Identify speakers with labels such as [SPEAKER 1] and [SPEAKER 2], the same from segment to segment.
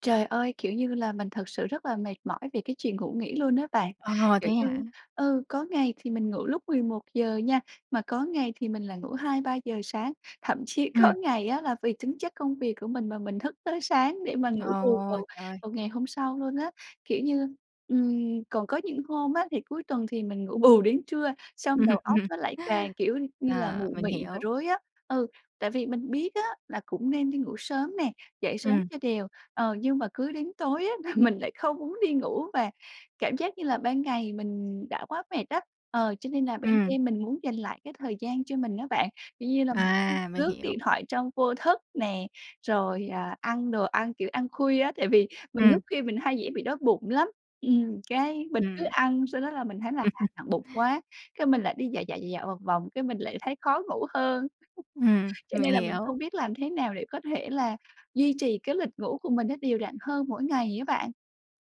[SPEAKER 1] Trời ơi! Kiểu như là mình thực sự rất là mệt mỏi vì cái chuyện ngủ nghỉ luôn á bạn.
[SPEAKER 2] Ờ,
[SPEAKER 1] Kiểu
[SPEAKER 2] thế hả?
[SPEAKER 1] như ừ, có ngày thì mình ngủ lúc 11 giờ nha, mà có ngày thì mình lại ngủ 2-3 giờ sáng, thậm chí có
[SPEAKER 2] Ừm.
[SPEAKER 1] ngày á là vì tính chất công việc của mình mà mình thức tới sáng để mà ngủ bù
[SPEAKER 2] Ồ,
[SPEAKER 1] vào
[SPEAKER 2] trời ơi!
[SPEAKER 1] vào ngày hôm sau luôn á. Kiểu như, ừm, còn có những hôm á thì cuối tuần thì mình ngủ bù đến trưa xong
[SPEAKER 2] Ừm,
[SPEAKER 1] đầu óc
[SPEAKER 2] ừm.
[SPEAKER 1] nó lại càng, kiểu như là,
[SPEAKER 2] Ờ,
[SPEAKER 1] mụ
[SPEAKER 2] mình
[SPEAKER 1] mị và
[SPEAKER 2] hiểu.
[SPEAKER 1] rối á. Ừ, tại vì mình biết á là cũng nên đi ngủ sớm nè, dậy sớm
[SPEAKER 2] Ừm.
[SPEAKER 1] cho đều. Ờ, nhưng mà cứ đến tối á là mình lại không muốn đi ngủ, và cảm giác như là ban ngày mình đã quá mệt á, ờ, cho nên là ban
[SPEAKER 2] Ừm.
[SPEAKER 1] đêm mình muốn dành lại cái thời gian cho mình á bạn. Kiểu như là mình [unintelligible]
[SPEAKER 2] À, mình
[SPEAKER 1] lướt
[SPEAKER 2] hiểu.
[SPEAKER 1] điện thoại trong vô thức nè, rồi, à, ăn đồ ăn, kiểu, ăn khuya á tại vì mình thức
[SPEAKER 2] Ừm.
[SPEAKER 1] khuya mình hay dễ bị đói bụng lắm, ừm, cái mình cứ
[SPEAKER 2] Ừm.
[SPEAKER 1] ăn sau đó là mình thấy là, à, nặng bụng quá, cái mình lại đi dạo, dạo, dạo, dạo một vòng cái mình lại thấy khó ngủ hơn.
[SPEAKER 2] Ừm,
[SPEAKER 1] Cho
[SPEAKER 2] mình
[SPEAKER 1] nên là mình không
[SPEAKER 2] hiểu.
[SPEAKER 1] biết làm thế nào để có thể là duy trì cái lịch ngủ của mình nó đều đặn hơn mỗi ngày á bạn.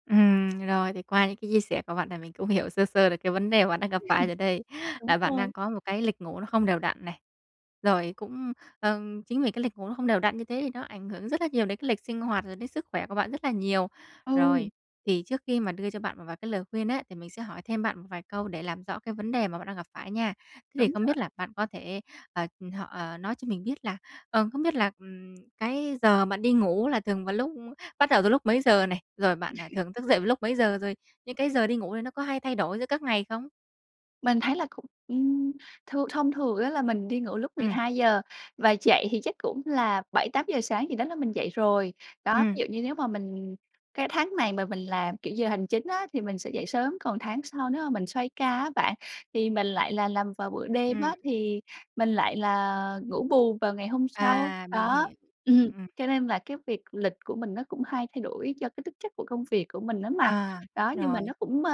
[SPEAKER 2] Ừm, rồi, thì qua những cái chia sẻ của bạn là mình cũng hiểu sơ sơ được cái vấn đề bạn đang
[SPEAKER 1] [unintelligible]
[SPEAKER 2] gặp
[SPEAKER 1] hừm.
[SPEAKER 2] phải rồi đây,
[SPEAKER 1] Đúng
[SPEAKER 2] là bạn đang
[SPEAKER 1] rồi.
[SPEAKER 2] có một cái lịch ngủ nó không đều đặn này, rồi cũng, ờm, chính vì cái lịch ngủ nó không đều đặn như thế thì nó ảnh hưởng rất là nhiều đến cái lịch sinh hoạt rồi đến sức khỏe của bạn rất là nhiều.
[SPEAKER 1] Ừ.
[SPEAKER 2] Rồi, thì trước khi mà đưa cho bạn một vài cái lời khuyên á, thì mình sẽ hỏi thêm bạn một vài câu để làm rõ cái vấn đề mà bạn đang gặp phải nha. Thế thì
[SPEAKER 1] Đúng
[SPEAKER 2] không
[SPEAKER 1] rồi.
[SPEAKER 2] biết là bạn có thể ờ, họ ờ, nói cho mình biết là ờ, không biết là, ừm, cái giờ bạn đi ngủ là thường vào lúc bắt đầu từ lúc mấy giờ này? Rồi bạn, ờ, thường thức dậy vào lúc mấy giờ? Rồi những cái giờ đi ngủ này nó có hay thay đổi giữa các ngày không?
[SPEAKER 1] Mình thấy là cũng ừm, thường thông thường á là mình đi ngủ lúc mười
[SPEAKER 2] Ừm.
[SPEAKER 1] hai giờ và dậy thì chắc cũng là 7:00, 8:00 sáng gì đó là mình dậy rồi. Đó, ví
[SPEAKER 2] Ừm.
[SPEAKER 1] dụ như nếu mà mình cái tháng này mà mình làm, kiểu, giờ hành chính á thì mình sẽ dậy sớm, còn tháng sau nếu mà mình xoay ca á bạn thì mình lại là làm vào buổi đêm
[SPEAKER 2] Ừm.
[SPEAKER 1] á thì mình lại là ngủ bù vào ngày hôm sau.
[SPEAKER 2] À, mình
[SPEAKER 1] Đó,
[SPEAKER 2] hiểu.
[SPEAKER 1] ừm,
[SPEAKER 2] Ừm.
[SPEAKER 1] cho nên là cái việc lịch của mình nó cũng hay thay đổi do cái tính chất của công việc của mình á mà.
[SPEAKER 2] À,
[SPEAKER 1] Đó, nhưng mà
[SPEAKER 2] rồi.
[SPEAKER 1] nó cũng, ơ,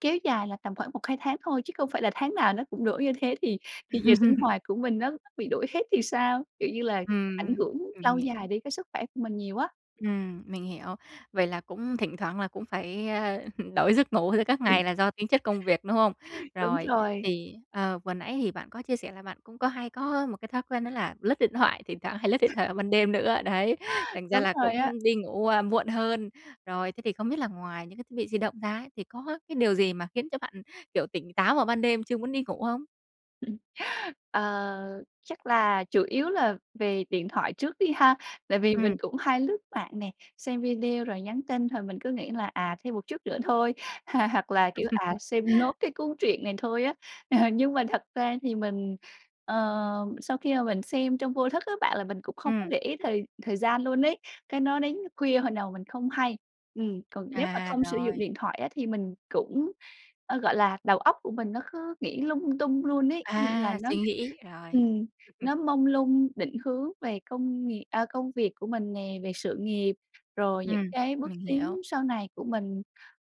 [SPEAKER 1] kéo dài là tầm khoảng 1-2 tháng thôi, chứ không phải là tháng nào nó cũng đổi như thế thì thì giờ sinh hoạt của mình nó bị đổi hết thì sao? Kiểu như là, ảnh
[SPEAKER 2] Ừm,
[SPEAKER 1] hưởng
[SPEAKER 2] ừm
[SPEAKER 1] lâu
[SPEAKER 2] hiều.
[SPEAKER 1] dài đến cái sức khỏe của mình nhiều á.
[SPEAKER 2] Ừm, mình hiểu. Vậy là cũng thỉnh thoảng là cũng phải, ơ, đổi giấc ngủ giữa các
[SPEAKER 1] Ừ.
[SPEAKER 2] ngày là do tính chất công việc, đúng không?
[SPEAKER 1] Đúng
[SPEAKER 2] Rồi,
[SPEAKER 1] rồi.
[SPEAKER 2] thì, ờ, vừa nãy hì bạn có chia sẻ là bạn cũng có hay có một cái thói quen đó là lướt điện thoại, thỉnh thoảng hay lướt điện thoại vào ban đêm nữa, đấy, thành ra
[SPEAKER 1] Đúng
[SPEAKER 2] là
[SPEAKER 1] rồi á.
[SPEAKER 2] cũng đi ngủ, ơ, muộn hơn. Rồi thế thì không biết là ngoài những cái thiết bị di động ra ấy, thì có cái điều gì mà khiến cho bạn, kiểu, tỉnh táo vào ban đêm chưa muốn đi ngủ không?
[SPEAKER 1] Ừm, Ờ, chắc là chủ yếu là về điện thoại trước đi ha. Tại vì mình
[SPEAKER 2] Ừm.
[SPEAKER 1] cũng hay lướt mạng nè, xem video rồi nhắn tin thời mình cứ nghĩ là "À, thêm một chút nữa thôi" h hoặc là, kiểu: "À, xem nốt cái cuốn truyện này thôi á." Nhưng mà thật ra thì mình, ờ, sau khi mà mình xem trong vô thức á bạn là mình cũng không có
[SPEAKER 2] Ừm.
[SPEAKER 1] để ý thời thời gian luôn ấy. Cái nó đến khuya hồi nào mình không hay. Ừm, còn nếu mà
[SPEAKER 2] À,
[SPEAKER 1] không sử dụng
[SPEAKER 2] rồi.
[SPEAKER 1] điện thoại á thì mình cũng, ơ, gọi là, đầu óc của mình nó cứ nghĩ lung tung luôn ấy. Có nghĩa là
[SPEAKER 2] À!
[SPEAKER 1] nó
[SPEAKER 2] Suy nghĩ, rồi.
[SPEAKER 1] ừm,
[SPEAKER 2] Ừm, ừm.
[SPEAKER 1] nó mông lung định hướng về công nghiệp à, công việc của mình nè, về sự nghiệp, rồi những
[SPEAKER 2] Ừm,
[SPEAKER 1] cái bước
[SPEAKER 2] mình
[SPEAKER 1] tiến
[SPEAKER 2] hiểu.
[SPEAKER 1] sau này của mình,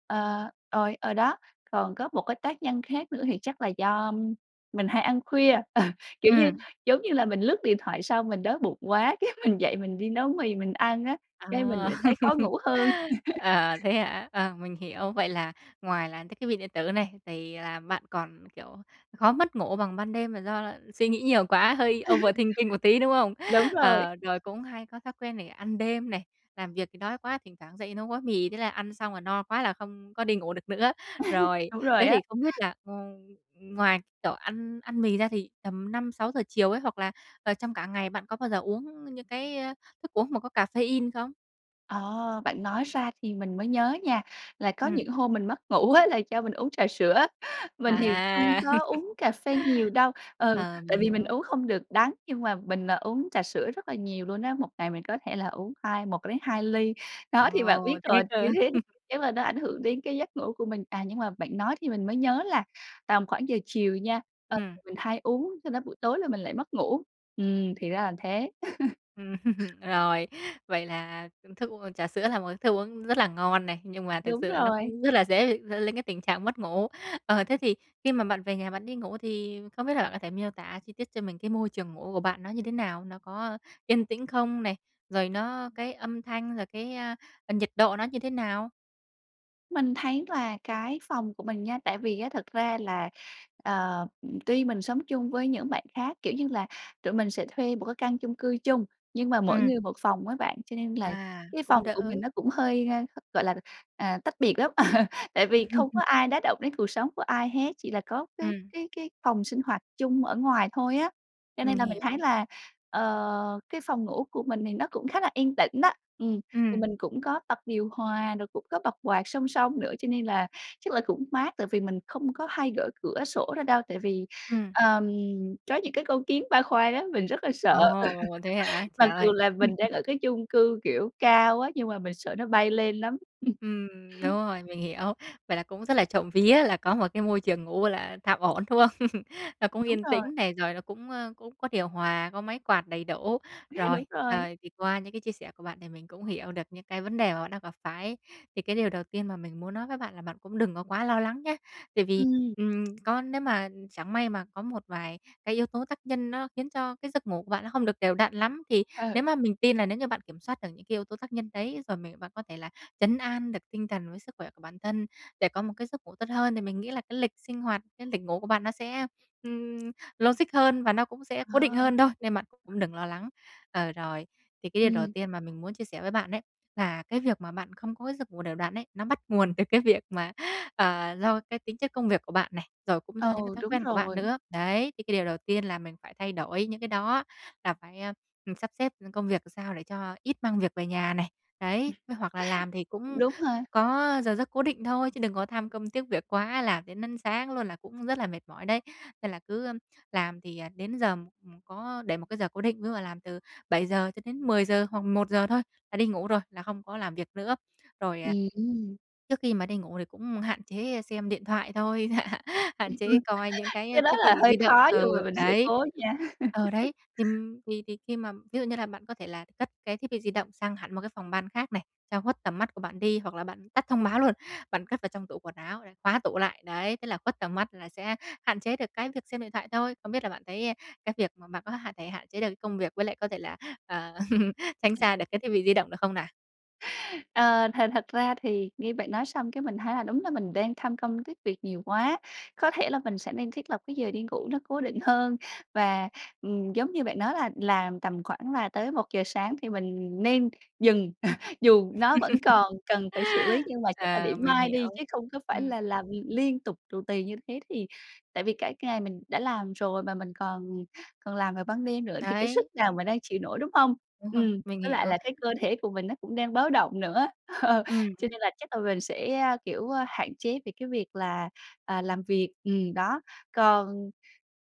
[SPEAKER 1] ờ, rồi, ờ, đó. Còn có một cái tác nhân khác nữa thì chắc là do, ưm, mình hay ăn khuya. Ờ, kiểu như
[SPEAKER 2] Ừm.
[SPEAKER 1] giống như là mình lướt điện thoại xong mình đói bụng quá cái mình dậy mình đi nấu mì mình ăn á,
[SPEAKER 2] À.
[SPEAKER 1] cái mình lại thấy khó ngủ hơn.
[SPEAKER 2] À, thế hả? À, mình hiểu, vậy là ngoài là cái thiết bị điện tử này thì là bạn còn, kiểu, khó mất ngủ bằng ban đêm là do là suy nghĩ nhiều quá, hơi overthinking một tí, đúng không?
[SPEAKER 1] Đúng rồi.
[SPEAKER 2] Ờ, rồi cũng hay có thói quen này, ăn đêm này, làm việc thì đói quá, thỉnh thoảng dậy nấu gói mì. Thế là ăn xong là no quá là không có đi ngủ được nữa. Rồi,
[SPEAKER 1] Đúng rồi
[SPEAKER 2] thế
[SPEAKER 1] á.
[SPEAKER 2] thì không biết là, ừm, ừm, ngoài kiểu ăn ăn mì ra thì tầm 5-6 giờ chiều ấy hoặc là, ờ, trong cả ngày bạn có bao giờ uống những cái, a, thức uống mà có caffeine không?
[SPEAKER 1] Ờ, bạn nói ra thì mình mới nhớ nha, là có
[SPEAKER 2] Ừm.
[SPEAKER 1] những hôm mình mất ngủ á, là do mình uống trà sữa. Mình thì không
[SPEAKER 2] À.
[SPEAKER 1] có uống cà phê nhiều đâu, ừ,
[SPEAKER 2] Ờ,
[SPEAKER 1] tại
[SPEAKER 2] mình
[SPEAKER 1] vì mình
[SPEAKER 2] hiểu.
[SPEAKER 1] uống không được đắng. Nhưng mà mình, ờ, uống trà sữa rất là nhiều luôn á, một ngày mình có thể là uống hai một đến hai ly. Đó thì bạn
[SPEAKER 2] Ồ,
[SPEAKER 1] biết
[SPEAKER 2] thế
[SPEAKER 1] rồi,
[SPEAKER 2] cơ?
[SPEAKER 1] như thế thì chắn là nó ảnh hưởng đến cái giấc ngủ của mình. À, nhưng mà bạn nói thì mình mới nhớ là tầm khoảng giờ chiều nha, ờ,
[SPEAKER 2] Ừm.
[SPEAKER 1] mình hay uống, do đó buổi tối là mình lại mất ngủ. Ừm, thì ra là thế.
[SPEAKER 2] Ừm. Rồi, vậy là thức u trà sữa là một cái thức uống rất là ngon này, nhưng mà thực
[SPEAKER 1] Đúng
[SPEAKER 2] sự là nó
[SPEAKER 1] rồi.
[SPEAKER 2] cũng rất là dễ dẫn đến cái tình trạng mất ngủ. Ờ, thế thì khi mà bạn về nhà bạn đi ngủ thì không biết là bạn có thể miêu tả chi tiết cho mình cái môi trường ngủ của bạn nó như thế nào? Nó có yên tĩnh không này? Rồi nó cái âm thanh, rồi cái, ờ, nhiệt độ nó như thế nào?
[SPEAKER 1] Mình thấy là cái phòng của mình nha tại vì á thật ra là, ờ, tuy mình sống chung với những bạn khác, kiểu như là tụi mình sẽ thuê một cái căn chung cư chung nhưng mà mỗi
[SPEAKER 2] Ừm.
[SPEAKER 1] người một phòng á bạn, cho nên là
[SPEAKER 2] À,
[SPEAKER 1] cái
[SPEAKER 2] cũng
[SPEAKER 1] phòng của
[SPEAKER 2] đỡ.
[SPEAKER 1] mình nó cũng hơi, a, gọi là, à, tách biệt lắm. Tại vì không có ai đả động đến cuộc sống của ai hết, chỉ là có cái
[SPEAKER 2] Ừm.
[SPEAKER 1] cái cái phòng sinh hoạt chung ở ngoài thôi á. Cho
[SPEAKER 2] Mình
[SPEAKER 1] nên là mình thấy
[SPEAKER 2] hiểu.
[SPEAKER 1] là, ờ, cái phòng ngủ của mình thì nó cũng khá là yên tĩnh đó. Ừm, thì
[SPEAKER 2] Ừm.
[SPEAKER 1] mình cũng có bật điều hòa, rồi cũng có bật quạt song song nữa, cho nên là chắc là cũng mát tại vì mình không có hay gỡ cửa sổ ra đâu, tại vì,
[SPEAKER 2] Ừm.
[SPEAKER 1] ờm, có những cái con kiến ba khoang á, mình rất là sợ.
[SPEAKER 2] Ồ, thế hả? Trời
[SPEAKER 1] Mặc dù
[SPEAKER 2] ơi!
[SPEAKER 1] là mình đang ở cái chung cư, kiểu, cao á, nhưng mà mình sợ nó bay lên lắm.
[SPEAKER 2] Ừm, đúng rồi, mình hiểu. Vậy là cũng rất là trộm vía là có một cái môi trường ngủ gọi là tạm ổn, đúng không? Nó cũng
[SPEAKER 1] Đúng
[SPEAKER 2] yên
[SPEAKER 1] rồi.
[SPEAKER 2] tĩnh này, rồi nó cũng, ờ, cũng có điều hòa, có máy quạt đầy đủ. Rồi,
[SPEAKER 1] Đúng rồi.
[SPEAKER 2] ờ, thì qua những cái chia sẻ của bạn thì mình cũng hiểu được những cái vấn đề mà bạn đang gặp phải, thì cái điều đầu tiên mà mình muốn nói với bạn là bạn cũng đừng có quá lo lắng nhé. Tại vì,
[SPEAKER 1] Ừm.
[SPEAKER 2] ừm, có nếu mà chẳng may mà có một vài cái yếu tố tác nhân nó khiến cho cái giấc ngủ của bạn nó không được đều đặn lắm, thì
[SPEAKER 1] Ờ.
[SPEAKER 2] nếu mà mình tin là nếu như bạn kiểm soát được những cái yếu tố tác nhân đấy, rồi mình bạn có thể là trấn an được tinh thần với sức khỏe của bản thân để có một cái giấc ngủ tốt hơn, thì mình nghĩ là cái lịch sinh hoạt, cái lịch ngủ của bạn nó sẽ, ừm, logic hơn và nó cũng sẽ cố định
[SPEAKER 1] Ờ.
[SPEAKER 2] hơn thôi, nên bạn cũng đừng lo lắng. Ờ, rồi thì cái điều đầu
[SPEAKER 1] Ừm.
[SPEAKER 2] tiên mà mình muốn chia sẻ với bạn ấy, là cái việc mà bạn không có cái giấc ngủ đều đặn ấy, nó bắt nguồn từ cái việc mà, ờ, do cái tính chất công việc của bạn này, rồi cũng do
[SPEAKER 1] Ờ,
[SPEAKER 2] những cái thói
[SPEAKER 1] đúng
[SPEAKER 2] quen của bạn
[SPEAKER 1] rồi.
[SPEAKER 2] nữa. Đấy, thì cái điều đầu tiên là mình phải thay đổi những cái đó, là phải, ừm, sắp xếp công việc làm sao để cho ít mang việc về nhà này. Đấy, với hoặc là làm thì
[SPEAKER 1] Cũng
[SPEAKER 2] cũng
[SPEAKER 1] đúng ha.
[SPEAKER 2] có giờ giấc cố định thôi chứ đừng có tham công tiếc việc quá, làm đến đến sáng luôn là cũng rất là mệt mỏi đấy. Nên là cứ làm thì, ờ, đến giờ ừm, có để một cái giờ cố định, ví dụ là làm từ 7:00 cho đến 10:00 hoặc 11: thôi, là đi ngủ rồi, là không có làm việc nữa. Rồi, à,
[SPEAKER 1] Ừm.
[SPEAKER 2] trước khi mà đi ngủ thì cũng hạn chế xem điện thoại thôi, hạn chế coi những
[SPEAKER 1] Cái
[SPEAKER 2] cái
[SPEAKER 1] đó
[SPEAKER 2] thiết
[SPEAKER 1] là
[SPEAKER 2] bị
[SPEAKER 1] hơi
[SPEAKER 2] di động.
[SPEAKER 1] khó
[SPEAKER 2] Ờ,
[SPEAKER 1] nhưng mà mình sẽ
[SPEAKER 2] đấy
[SPEAKER 1] cố nha.
[SPEAKER 2] ờ, đấy, thì thì thì khi mà ví dụ như là bạn có thể là cất cái thiết bị di động sang hẳn một cái phòng ban khác này, cho khuất tầm mắt của bạn đi. Hoặc là bạn tắt thông báo luôn, bạn cất vào trong tủ quần áo rồi khóa tủ lại, đấy, thế là khuất tầm mắt là sẽ hạn chế được cái việc xem điện thoại thôi. Không biết là bạn thấy cái việc mà bạn có hạn thể hạn chế được cái công việc với lại có thể là, ờ, tránh xa được cái thiết bị di động được không nào?
[SPEAKER 1] Ờ, thật thật ra thì nghe bạn nói xong cái mình thấy là đúng là mình đang tham công tiếc việc nhiều quá, có thể là mình sẽ nên thiết lập cái giờ đi ngủ nó cố định hơn và, ừm, giống như bạn nói là làm tầm khoảng là tới 1:00 sáng thì mình nên dừng, dù nó vẫn còn cần phải xử lý nhưng mà chắc là để
[SPEAKER 2] À, mình
[SPEAKER 1] mai
[SPEAKER 2] hiểu,
[SPEAKER 1] đi chứ không có phải
[SPEAKER 2] ừm,
[SPEAKER 1] là
[SPEAKER 2] ừm.
[SPEAKER 1] làm liên tục tù tì như thế thì tại vì cả ngày mình đã làm rồi mà mình còn còn làm vào ban đêm nữa thì cái sức
[SPEAKER 2] Đấy,
[SPEAKER 1] nào
[SPEAKER 2] thì
[SPEAKER 1] mà
[SPEAKER 2] đó.
[SPEAKER 1] đang chịu nổi, đúng hông?
[SPEAKER 2] Đúng rồi,
[SPEAKER 1] Ừm,
[SPEAKER 2] mình
[SPEAKER 1] với lại
[SPEAKER 2] hiểu.
[SPEAKER 1] là cái cơ thể của mình nó cũng đang báo động nữa, ờ, cho
[SPEAKER 2] Ừm.
[SPEAKER 1] nên là chắc là mình sẽ, a, kiểu, a, hạn chế về cái việc là, à, làm việc, ừm, đó. Còn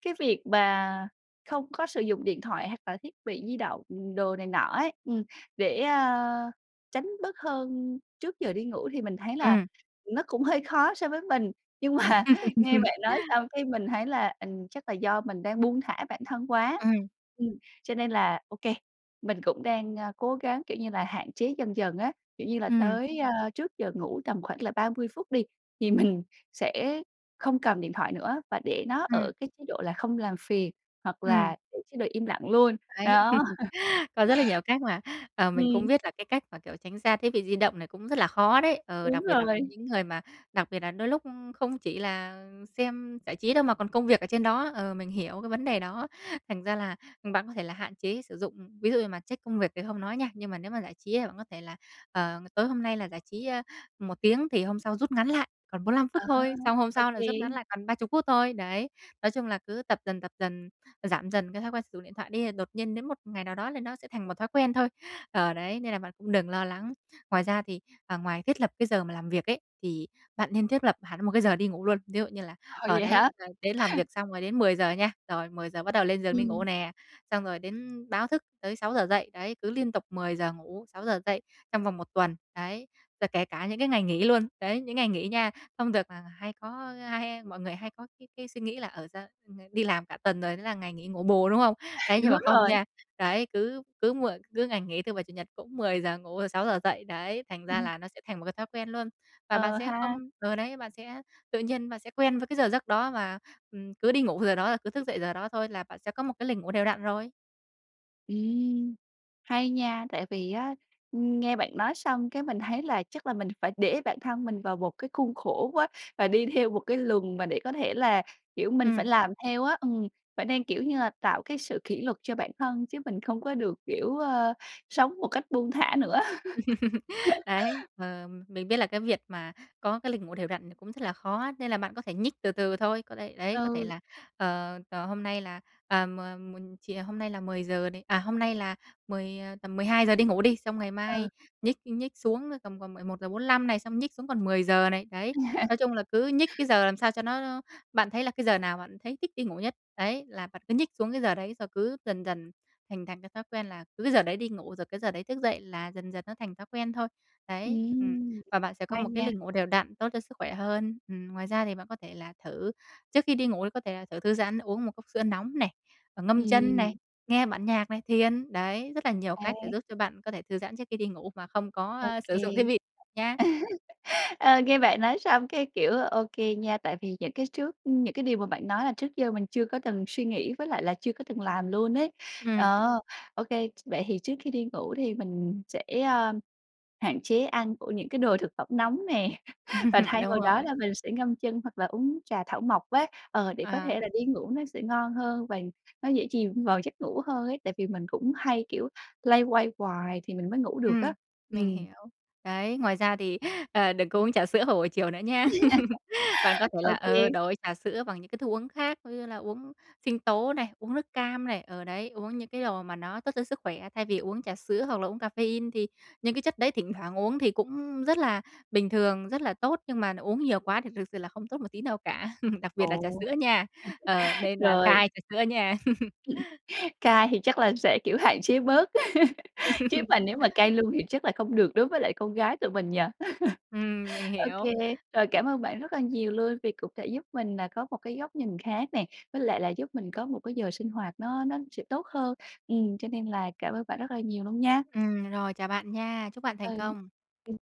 [SPEAKER 1] cái việc mà không có sử dụng điện thoại hoặc là thiết bị di động đồ này nọ ấy, ừm, để, a, tránh bớt hơn trước giờ đi ngủ thì mình thấy là
[SPEAKER 2] Ừm.
[SPEAKER 1] nó cũng hơi khó so với mình, nhưng mà nghe bạn nói xong cái mình thấy là ình chắc là do mình đang buông thả bản thân quá,
[SPEAKER 2] Ừm.
[SPEAKER 1] ừm, cho nên là ô kê, mình cũng đang, a, cố gắng, kiểu như là, hạn chế dần dần á, kiểu như là,
[SPEAKER 2] Ừm.
[SPEAKER 1] tới, ơ, trước giờ ngủ tầm khoảng là 30 phút đi, thì mình sẽ không cầm điện thoại nữa và để nó ở
[SPEAKER 2] Ừm.
[SPEAKER 1] cái chế độ là không làm phiền hoặc
[SPEAKER 2] Ừm.
[SPEAKER 1] là để chế độ im lặng luôn,
[SPEAKER 2] Đấy.
[SPEAKER 1] đó.
[SPEAKER 2] Có rất là nhiều cách mà. Ờ, mình cũng
[SPEAKER 1] Ừm.
[SPEAKER 2] biết là cái cách mà, kiểu, tránh xa thiết bị di động này cũng rất là khó đấy, ờ,
[SPEAKER 1] Đúng
[SPEAKER 2] đặc biệt là với
[SPEAKER 1] rồi.
[SPEAKER 2] những người mà đặc biệt là đôi lúc, ưm, không chỉ là xem giải trí đâu mà còn công việc ở trên đó, ờ, mình hiểu cái vấn đề đó. Thành ra là, ừm, bạn có thể là hạn chế sử dụng ví dụ như mà check công việc thì hông nói nha, nhưng mà nếu mà giải trí thì bạn có thể là, ờ, tối hôm nay là giải trí, ơ, 1 tiếng thì hôm sau rút ngắn lại còn 45
[SPEAKER 1] À,
[SPEAKER 2] phút thôi, xong hôm
[SPEAKER 1] ô
[SPEAKER 2] sau là
[SPEAKER 1] kê.
[SPEAKER 2] rút ngắn lại còn 30 phút thôi, đấy. Nói chung là cứ tập dần, tập dần, giảm dần cái thói quen sử dụng điện thoại đi là đột nhiên đến một ngày nào đó là nó sẽ thành một thói quen thôi. Ờ, đấy, nên là bạn cũng đừng lo lắng. Ngoài ra thì ờ, ngoài thiết lập cái giờ mà làm việc ấy, thì bạn nên thiết lập hẳn một cái giờ đi ngủ luôn. Ví dụ như là,
[SPEAKER 1] Ờ,
[SPEAKER 2] ờ,
[SPEAKER 1] vậy
[SPEAKER 2] đấy
[SPEAKER 1] hả?
[SPEAKER 2] th đến làm việc xong rồi đến 10:00 nha, rồi 10:00 bắt đầu lên giường đi ngủ
[SPEAKER 1] Ừm.
[SPEAKER 2] nè, xong rồi đến báo thức tới 6:00 dậy, đấy, cứ liên tục 10:00 ngủ, 6:00 dậy trong vòng 1 tuần, đấy. Rồi kể cả những cái ngày nghỉ luôn, đấy, những ngày nghỉ nha, không được là hay có hay hay mọi người hay có cái cái suy nghĩ là ở dơ [unintelligible] đi làm cả tuần rồi thế là ngày nghỉ ngủ bù, đúng không? Đấy, nhưng
[SPEAKER 1] Đúng
[SPEAKER 2] mà không
[SPEAKER 1] rồi.
[SPEAKER 2] nha, đấy, cứ cứ muộn cứ ngày nghỉ, thứ Bảy, Chủ nhật cũng phải 10:00 ngủ rồi 6:00 dậy, đấy, thành ra
[SPEAKER 1] Ừm.
[SPEAKER 2] là nó sẽ thành một cái thói quen luôn. Và bạn
[SPEAKER 1] Ờ
[SPEAKER 2] sẽ không
[SPEAKER 1] ha.
[SPEAKER 2] ờ, đấy, bạn sẽ tự nhiên bạn sẽ quen với cái giờ giấc đó và, ừm, cứ đi ngủ giờ đó là cứ thức dậy giờ đó thôi là bạn sẽ có một cái lịch ngủ đều đặn rồi.
[SPEAKER 1] Ừm, hay nha, tại vì á, ưm, nghe bạn nói xong cái mình thấy là chắc là mình phải để bản thân mình vào một cái khuôn khổ quá, và đi theo một cái luồng mà để có thể là, kiểu, mình phải
[SPEAKER 2] Ừm.
[SPEAKER 1] làm theo á. Ừm, phải nên, kiểu như là, tạo cái sự kỷ luật cho bản thân, chứ mình không có được, kiểu, ơ, sống một cách buông thả nữa.
[SPEAKER 2] Đấy, ờ, mình biết là cái việc mà có cái lịch ngủ đều đặn thì cũng rất là khó á, nên là bạn có thể nhích từ từ thôi, có thể, đấy, có thể
[SPEAKER 1] Ừ.
[SPEAKER 2] là, ờ, ờ, hôm nay là, à, m một chìa hôm nay là 10:00 này, à, hôm nay là 10, ờ, tầm 12:00 đi ngủ đi, xong ngày mai
[SPEAKER 1] Ừ.
[SPEAKER 2] nhích nhích xuống tầm còn 11:45 này, xong nhích xuống còn 10:00 này, đấy. Nói chung là cứ nhích cái giờ làm sao cho nó nó bạn thấy là cái giờ nào bạn thấy thích đi ngủ nhất, đấy, là bạn cứ nhích xuống cái giờ đấy rồi cứ dần dần hình thành cái thói quen là cứ cái giờ đấy đi ngủ, rồi cái giờ đấy thức dậy là dần dần nó thành thói quen thôi. Đấy, ừm,
[SPEAKER 1] Ừm,
[SPEAKER 2] và bạn sẽ có
[SPEAKER 1] hay
[SPEAKER 2] một cái
[SPEAKER 1] nha.
[SPEAKER 2] lịch ngủ đều đặn, tốt cho sức khỏe hơn. Ừm, ngoài ra thì bạn có thể là thử trước khi đi ngủ thì có thể là thử thư giãn, uống một cốc sữa nóng này, và ngâm chân này,
[SPEAKER 1] Ừm.
[SPEAKER 2] nghe bản nhạc này, thiền. Đấy, rất là nhiều
[SPEAKER 1] À.
[SPEAKER 2] cách để giúp cho bạn có thể thư giãn trước khi đi ngủ mà không có,
[SPEAKER 1] Ô
[SPEAKER 2] a, sử
[SPEAKER 1] kê.
[SPEAKER 2] dụng thiết bị nha.
[SPEAKER 1] Ờ, nghe bạn nói xong, cái kiểu, ô kê nha, tại vì những cái trước những cái điều mà bạn nói là trước giờ mình chưa có từng suy nghĩ, với lại là chưa có từng làm luôn ấy.
[SPEAKER 2] Ừm.
[SPEAKER 1] Ờ, ô kê, vậy thì trước khi đi ngủ thì mình sẽ, a, hạn chế ăn của những cái đồ thực phẩm nóng nè, và thay
[SPEAKER 2] Đúng
[SPEAKER 1] vào đó
[SPEAKER 2] rồi.
[SPEAKER 1] là mình sẽ ngâm chân hoặc là uống trà thảo mộc á, ờ, để có
[SPEAKER 2] À.
[SPEAKER 1] thể là đi ngủ nó sẽ ngon hơn và nó dễ chìm vào giấc ngủ hơn ấy. Tại vì mình cũng hay, kiểu, loay hoay hoài thì mình mới ngủ được á.
[SPEAKER 2] Ừm, mình
[SPEAKER 1] Ừm.
[SPEAKER 2] hiểu, đấy, ngoài ra thì, ờ, đừng có uống trà sữa vào buổi chiều nữa nha. Bạn có thể
[SPEAKER 1] Ô
[SPEAKER 2] là,
[SPEAKER 1] kê.
[SPEAKER 2] ờ, đổi trà sữa bằng những cái thức uống khác, ví dụ như là uống sinh tố này, uống nước cam này, ờ đấy, uống những cái đồ mà nó tốt cho sức khỏe, thay vì uống trà sữa hoặc là uống caffeine. Thì những cái chất đấy thỉnh thoảng uống thì cũng rất là bình thường, rất là tốt nhưng mà nó uống nhiều quá thì thực sự là không tốt một tí nào cả, đặc biệt là trà
[SPEAKER 1] Ồ,
[SPEAKER 2] sữa nha, ờ, nên là
[SPEAKER 1] rồi.
[SPEAKER 2] cai trà sữa nha.
[SPEAKER 1] Cai thì chắc là sẽ, kiểu, hạn chế bớt, chứ mà nếu mà cai luôn thì chắc là không được đối với lại con gái tụi mình nhỉ?
[SPEAKER 2] Ừm, mình
[SPEAKER 1] Ô
[SPEAKER 2] hiểu.
[SPEAKER 1] kê, rồi cảm ơn bạn rất là nhiều luôn vì cũng đã giúp mình nà có một cái góc nhìn khác nè, với lại là giúp mình có một cái giờ sinh hoạt nó nó sẽ tốt hơn, ừm, cho nên là cảm ơn bạn rất là nhiều luôn nha.
[SPEAKER 2] Ừm, rồi, chào bạn nha! Chúc bạn thành
[SPEAKER 1] Ừ,
[SPEAKER 2] công.
[SPEAKER 1] ừm.